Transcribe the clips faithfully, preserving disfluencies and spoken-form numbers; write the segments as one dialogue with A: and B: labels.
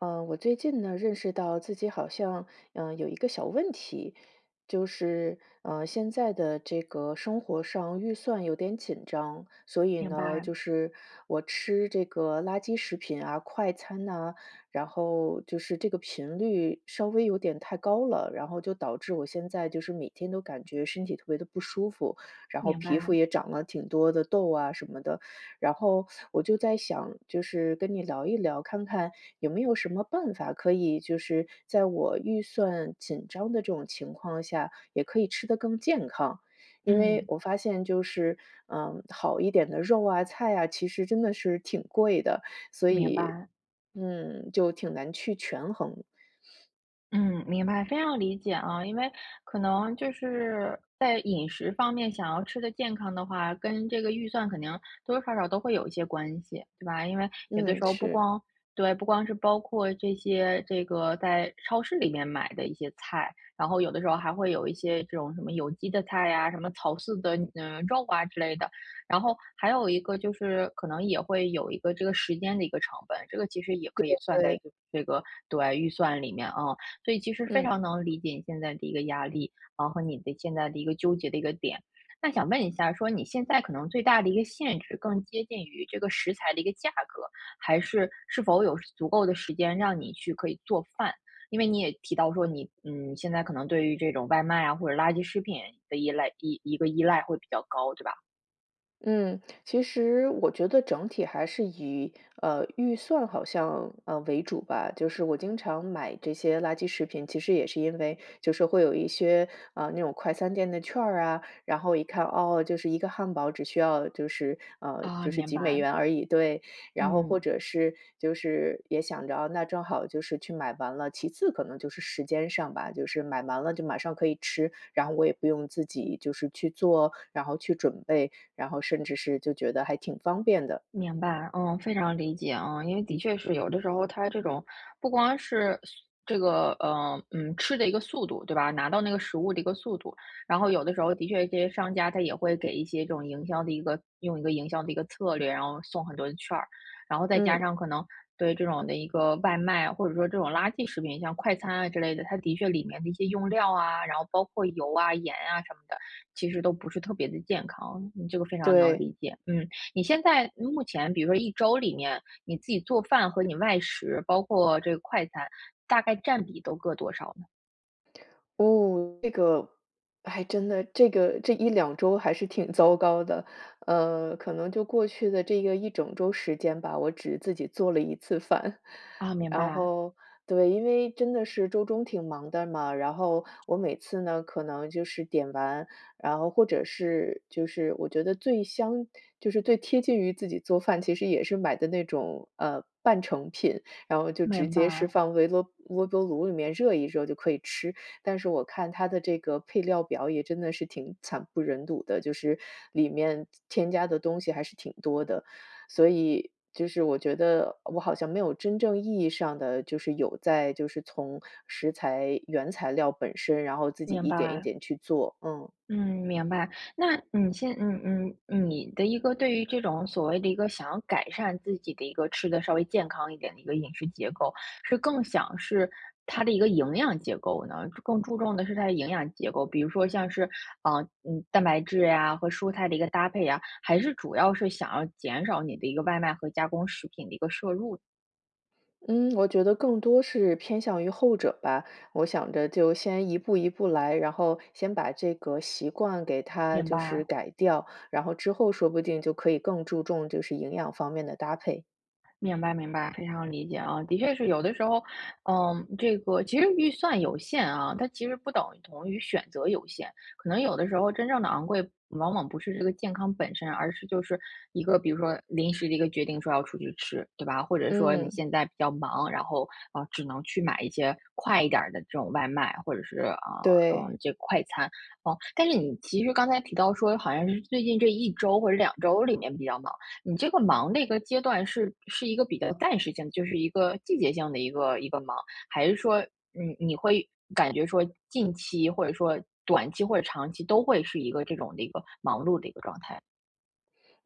A: 嗯，我最近呢，认识到自己好像，嗯，有一个小问题。就是，嗯，现在的这个生活上预算有点紧张。所以
B: 明
A: 呢，
B: 白。
A: 就是我吃这个垃圾食品啊、快餐呐，然后，就是这个频率稍微有点太高了。然后就导致我现在就是每天都感觉身体特别地不舒服，然后
B: 明
A: 皮肤
B: 白。
A: 也长了挺多的痘啊什么的。然后我就在想，就是跟你聊一聊，看看有没有什么办法可以，就是在我预算紧张的这种情况下，也可以吃得更健康。因为
B: 嗯。
A: 我发现就是，嗯，好一点的肉啊、菜啊，其实真的是挺贵的。所
B: 明
A: 以
B: 白。
A: 嗯，就挺难去权衡。
B: 嗯，明白，非常理解啊。因为，可能就是，在饮食方面想要吃得健康的话，跟这个预算肯定多多少少都会有一些关系，对吧？因为有的
A: 嗯，
B: 时候不
A: 是。
B: 光对，不光是包括这些这个在超市里面买的一些菜，然后有的时候还会有一些这种什么有机的菜啊、什么草饲的，呃，肉啊之类的。然后，还有一个就是可能也会有一个这个时间的一个成本，这个其实也
A: 对
B: 可以算在一
A: 对。
B: 个这个对，预算里面，嗯。所以其实非
A: 嗯。
B: 常能理解你现在的一个压力，然后和你的现在的一个纠结的一个点。那想问一下说你现在可能最大的一个限制更接近于这个食材的一个价格，还是，是否有足够的时间让你去可以做饭？因为你也提到说，你，嗯，现在可能对于这种外卖啊、或者垃圾食品的依赖一一个依赖会比较高，对吧？
A: 嗯，其实我觉得整体还是以，呃，预算好像，呃，为主吧。就是我经常买这些垃圾食品，其实也是因为，就是会有一些，啊，那种快餐店的券儿啊，然后一看，哦，就是一个汉堡，只需要就是呃，
B: 哦，
A: 就是
B: 明
A: 几美
B: 白。
A: 元而已对。然后或
B: 嗯。
A: 者是就是也想着，哦，那正好就是去买完了。其次可能就是时间上吧，就是买蛮了就马上可以吃，然后我也不用自己就是去做，然后去准备，然后甚至是就觉得还挺方便的。
B: 明白，嗯，非常理解啊。因为的确是，有的时候它这种不光是速这个，呃，嗯，吃的一个速度，对吧拿到那个食物的一个速度。然后有的时候的确这些商家它也会给一些这种营销的一个用一个营销的一个策略，然后送很多的券儿。然后再加
A: 嗯。
B: 上可能，对这种的一个外卖，或者说这种垃圾食品，像快餐啊，之类的，它的确里面的一些用料啊，然后包括油啊、盐啊什么的，其实都不是特别地健康。你这个非常能
A: 对。
B: 理解。嗯，你现在就目前比如说一周里面，你自己做饭和你外食，包括这个快餐，大概占比都各多少呢？
A: 哦，这个，还真的，这个这一两周还是挺糟糕的。嗯，可能就过去的这个一整周时间吧，我只自己做了一次饭。
B: 啊，明
A: 然
B: 白。
A: 后，对，因为真的是周中挺忙的嘛，然后我每次呢，可能就是点完然后或者是就是我觉得最香就是最贴近于自己做饭，其实也是买的那种，呃，半成品，然后就直
B: 明
A: 接是
B: 白。
A: 放微啰微波炉里面热一热就可以吃。但是我看它的这个配料表也真的是挺惨不忍睹的，就是，里面添加的东西还是挺多的。所以，就是我觉得，我好像没有真正意义上的，就是有在就是从食材原材料本身，然后自己
B: 明
A: 一点一
B: 白。
A: 点去做。嗯。
B: 嗯，明白。那你现嗯嗯嗯，你的一个对于这种所谓的一个想要改善自己的一个，吃得稍微健康一点的一个饮食结构，是更想是，它的一个营养结构呢？更注重的是它的营养结构，比如说像是，啊，嗯，蛋白质呀、或蔬菜的一个搭配啊，还是主要是想要减少你的一个外卖和加工食品的一个摄入？
A: 嗯，我觉得更多是偏向于后者吧，我想着就先一步一步来，然后，先把这个习惯给它
B: 明
A: 就是
B: 白。
A: 改掉，然后，之后说不定就可以更注重就是营养方面的搭配。
B: 明白明白，非常理解啊。的确是有的时候，嗯，这个，其实预算有限啊，它其实不等同于选择有限，可能有的时候真正地昂贵，往往不是这个健康本身，而是就是一个，比如说临时的一个决定说要出去吃，对吧？或者说你
A: 嗯。
B: 现在比较忙，然后，啊，只能去买一些快一点儿的这种外卖，或者是，啊，
A: 对。
B: 呃，这个快餐，啊。但是你其实刚才提到说好像是最近这一周或者两周里面比较忙，你这个忙的一个阶段是是一个比较暂时性的，就是一个季节性的一个一个忙？还是说，你你会感觉说，近期或者说短期或者长期都会是一个这种的一个忙碌的一个状态？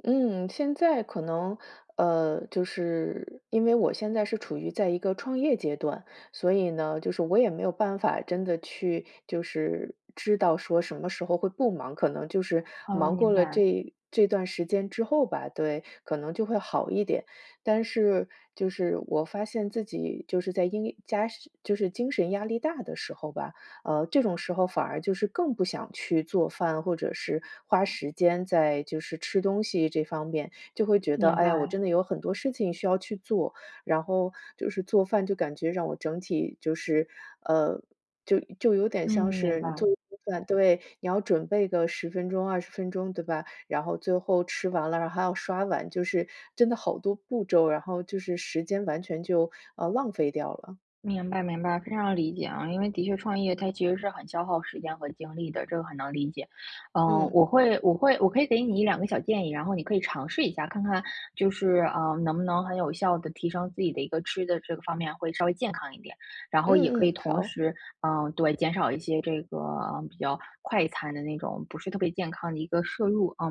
A: 嗯，现在可能，呃，就是，因为我现在是处于在一个创业阶段。所以呢，就是我也没有办法真的去，就是知道说什么时候会不忙，可能就是
B: 哦，
A: 忙过
B: 明
A: 了
B: 白。
A: 这这段时间之后吧，对，可能就会好一点。但是就是我发现自己就是在因家是就是精神压力大的时候吧，呃，这种时候反而就是，更不想去做饭，或者是花时间在，就是吃东西这方面就会觉得，
B: 明
A: 哎呀，我
B: 白。
A: 真的有很多事情需要去做，然后，就是做饭就感觉让我整体就是，呃，就就有点
B: 嗯，
A: 像
B: 明
A: 是你做
B: 白。
A: 一顿饭对，你要准备个十分钟二十分钟对吧？然后最后吃完了，然后还要刷碗，就是真的好多步骤，然后就是时间完全就，呃，浪费掉了。
B: 明白明白，非常理解啊。因为的确创业它其实是很消耗时间和精力的，这个很能理解。呃，
A: 嗯。
B: 我会我会我可以给你一两个小建议，然后你可以尝试一下，看看就是，呃，能不能很有效地提升自己的一个吃的这个方面，会稍微健康一点，然后也
A: 嗯
B: 可以
A: 嗯，
B: 同
A: 好。
B: 时，呃，对，减少一些这个比较快餐的那种，不是特别健康的一个摄入，啊。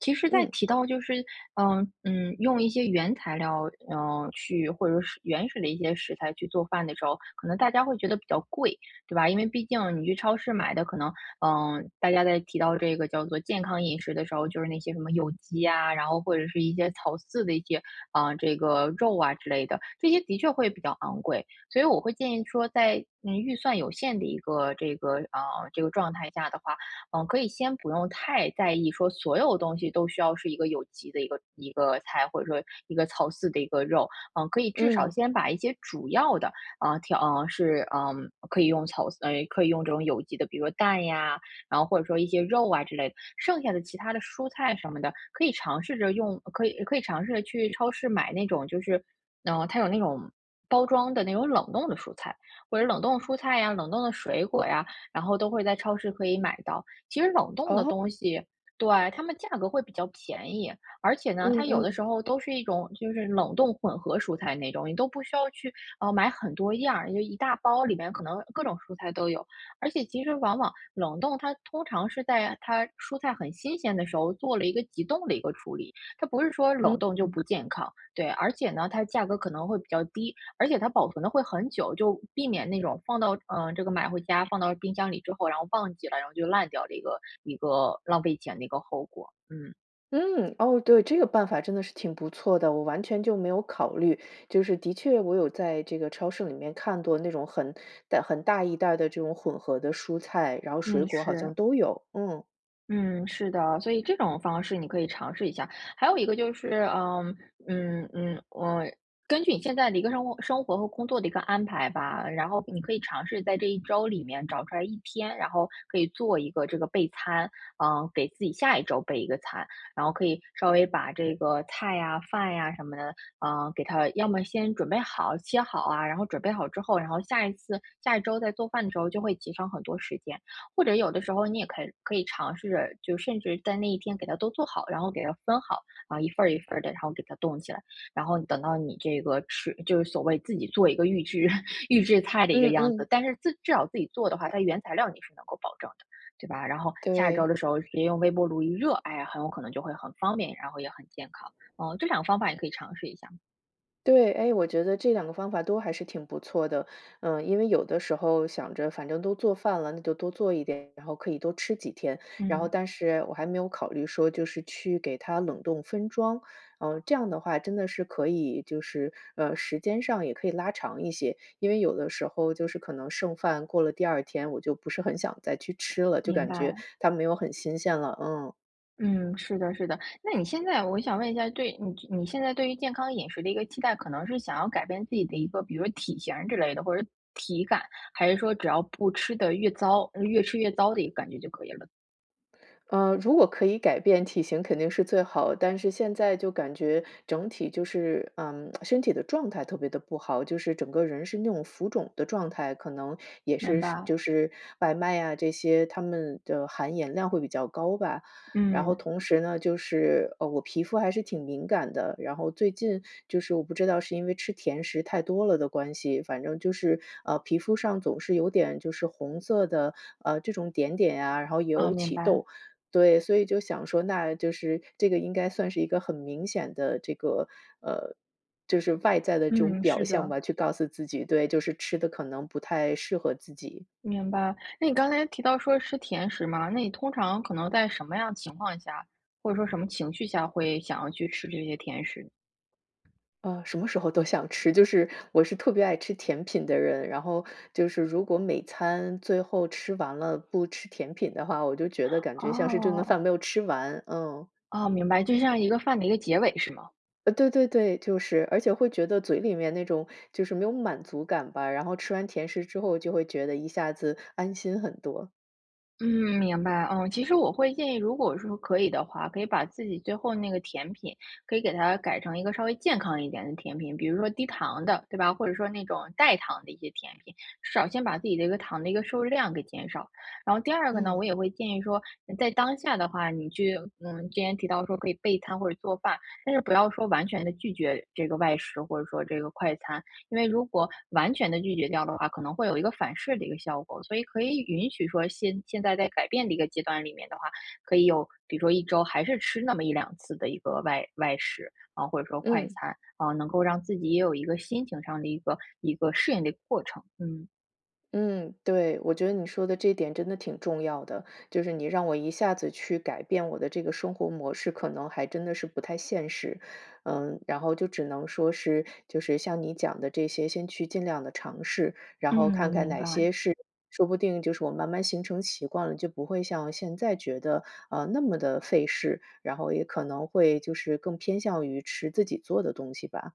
B: 其实在
A: 嗯。
B: 提到就是，呃，嗯，用一些原材料，呃，去或者是原始的一些食材去做饭的时候，可能大家会觉得比较贵，对吧？因为毕竟你去超市买的可能，嗯，大家在提到这个叫做健康饮食的时候，就是那些什么有机啊，然后，或者是一些草饲的一些，啊，这个肉啊，之类的，这些的确会比较昂贵。所以我会建议说在，嗯，预算有限的一个，这个，啊，这个状态下的话，呃，可以先不用太在意说所有东西都需要是一个有机的一个一个菜，或者说一个草饲的一个肉，啊，可以至少
A: 嗯。
B: 先把一些主要的，啊，调啊，是嗯，可以用草饲呃，可以用这种有机的，比如蛋呀，然后或者说一些肉啊，之类的，剩下的其他的蔬菜什么的，可以尝试着用可以可以尝试着去超市买那种就是嗯，它有那种包装的那种冷冻的蔬菜，或者冷冻的蔬菜呀、冷冻的水果呀，然后都会在超市可以买到。其实冷冻的
A: 哦。
B: 东西对，它们价格会比较便宜，而且呢，
A: 嗯
B: 它有的
A: 嗯。
B: 时候都是一种，就是冷冻混合蔬菜那种，你都不需要去，啊，买很多样儿，就一大包里面可能各种蔬菜都有。而且其实往往冷冻，它通常是在，啊，它蔬菜很新鲜的时候做了一个急冻的一个处理，它不是说
A: 嗯，
B: 冷冻就
A: 嗯。
B: 不健康，对，而且呢，它价格可能会比较低。而且它保存的会很久，就避免那种放到呃，这个买回家放到冰箱里之后，然后忘记了，然后就烂掉了一个一个浪费钱的一个后果，嗯。
A: 嗯，哦，对，这个办法真的是挺不错的，我完全就没有考虑。就是的确，我有在这个超市里面看剁那种很袋很大一袋儿的这种混合的蔬菜，然后水
B: 嗯，
A: 果好
B: 是。
A: 像都有，嗯。
B: 嗯，是的。所以这种方式你可以尝试一下。还有一个就是，嗯，嗯，嗯，呃，根据你现在的一个任务生活和工作的一个安排吧，然后你可以尝试在这一周里面找出来一天，然后可以做一个这个备餐，嗯，给自己下一周备一个餐。然后可以稍微把这个菜啊，饭呀什么的，嗯，给它要么先准备好，切好啊，然后准备好之后，然后下一次下一周在做饭的时候就会节省很多时间。或者有的时候你也可以可以尝试，就甚至在那一天给它都做好，然后给它分好，啊，一份儿一份儿的，然后给它冻起来。然后等到你这个吃就是所谓自己做一个预制 预制菜的一个
A: 嗯
B: 样子。
A: 嗯。
B: 但是自至少自己做的话，它原材料你是能够保证的，对吧？然后下一周儿
A: 对。
B: 的时候直接用微波炉一热，哎呀，很有可能就会很方便，然后也很健康。呃，这两个方法你可以尝试一下儿。
A: 对，诶，我觉得这两个方法都还是挺不错的，呃，因为有的时候想着反正都做饭了，那就多做一点，然后可以多吃几天。然后
B: 嗯。
A: 但是我还没有考虑说就是去给它冷冻分装，嗯，这样的话，真的是可以就是，呃，时间上也可以拉长一些，因为有的时候就是可能剩饭过了第二天，我就不是很想再去吃了，就
B: 明
A: 感觉
B: 白。
A: 它没有很新鲜了。嗯。
B: 嗯，是的，是的。那你现在我想问一下，对你你现在对于健康饮食的一个期待，可能是想要改变自己的一个比如说体型儿之类的或者是体感，还是说只要不吃得越糟嗯，越吃越糟的一个感觉就可以了？
A: 呃，如果可以改变体型肯定是最好，但是现在就感觉整体就是嗯，身体的状态特别的不好，就是整个人是那种浮肿的状态，可能也
B: 明
A: 是是
B: 白。
A: 就是外卖呀这些，它们的含盐量会比较高吧。然后
B: 嗯。
A: 同时呢，就是，呃，我皮肤还是挺敏感的，然后最近就是我不知道是因为吃甜食太多了的关系，反正就是，啊，皮肤上总是有点就是红色的，呃，这种点点啊，然后
B: 啊，
A: 有
B: 明
A: 起
B: 白。
A: 痘。对，所以就想说，那就是这个应该算是一个很明显的这个呃，就是外在的这种
B: 嗯，
A: 表
B: 是
A: 象
B: 的。
A: 吧，去告诉自己对，就是吃得可能不太适合自己。
B: 明白。那你刚才提到说吃甜食嘛，那你通常可能在什么样情况下，或者说什么情绪下会想要去吃这些甜食？
A: 啊，什么时候都想吃。就是我是特别爱吃甜品的人，然后就是如果每餐最后吃完了，不吃甜品的话，我就觉得感觉像是这顿
B: 哦。
A: 饭没有吃完，嗯。
B: 哦，明白，就像一个饭的一个结尾，是吗？
A: 呃，对对对，就是而且会觉得嘴里面那种，就是没有满足感吧，然后吃完甜食之后就会觉得一下子安心很多。
B: 嗯，明白。嗯，其实我会建议，如果说可以的话，可以把自己最后那个甜品，可以给它改成一个稍微健康一点的甜品，比如说低糖的，对吧，或者说那种代糖的一些甜品，至少先把自己的一个糖的一个摄入量给减少。然后第二个呢，我
A: 嗯。
B: 也会建议说，在当下的话，你去嗯，今天提到说可以备餐或者做饭，但是不要说完全地拒绝这个外食或者说这个快餐。因为如果完全地拒绝掉的话，可能会有一个反噬的一个效果。所以可以允许说先现在在改变的一个阶段里面的话，可以有，比如说一周还是吃那么一两次的一个外外食，啊，或者说快
A: 嗯。
B: 餐，啊，能够让自己也有一个心情上的一个一个适应的一过程，嗯。
A: 嗯，对，我觉得你说的这点真的挺重要的。就是你让我一下子去改变我的这个生活模式，可能还真的是不太现实。嗯，然后就只能说是就是像你讲的这些，先去尽量地尝试，然
B: 嗯，
A: 后看看
B: 明
A: 哪
B: 白。
A: 些是说不定就是我慢慢形成习惯了，就不会像现在觉得，啊，那么的费事，然后也可能会就是更偏向于吃自己做的东西吧。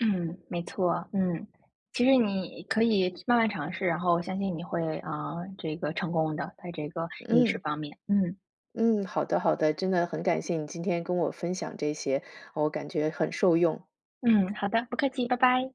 B: 嗯，没错。嗯，其实你可以慢慢尝试，然后相信你会啊，这个成功的，在这个饮食
A: 嗯。
B: 方面，嗯。
A: 嗯，好的，好的。真的很感谢你今天跟我分享这些，我感觉很受用。
B: 嗯，好的，不客气。拜拜。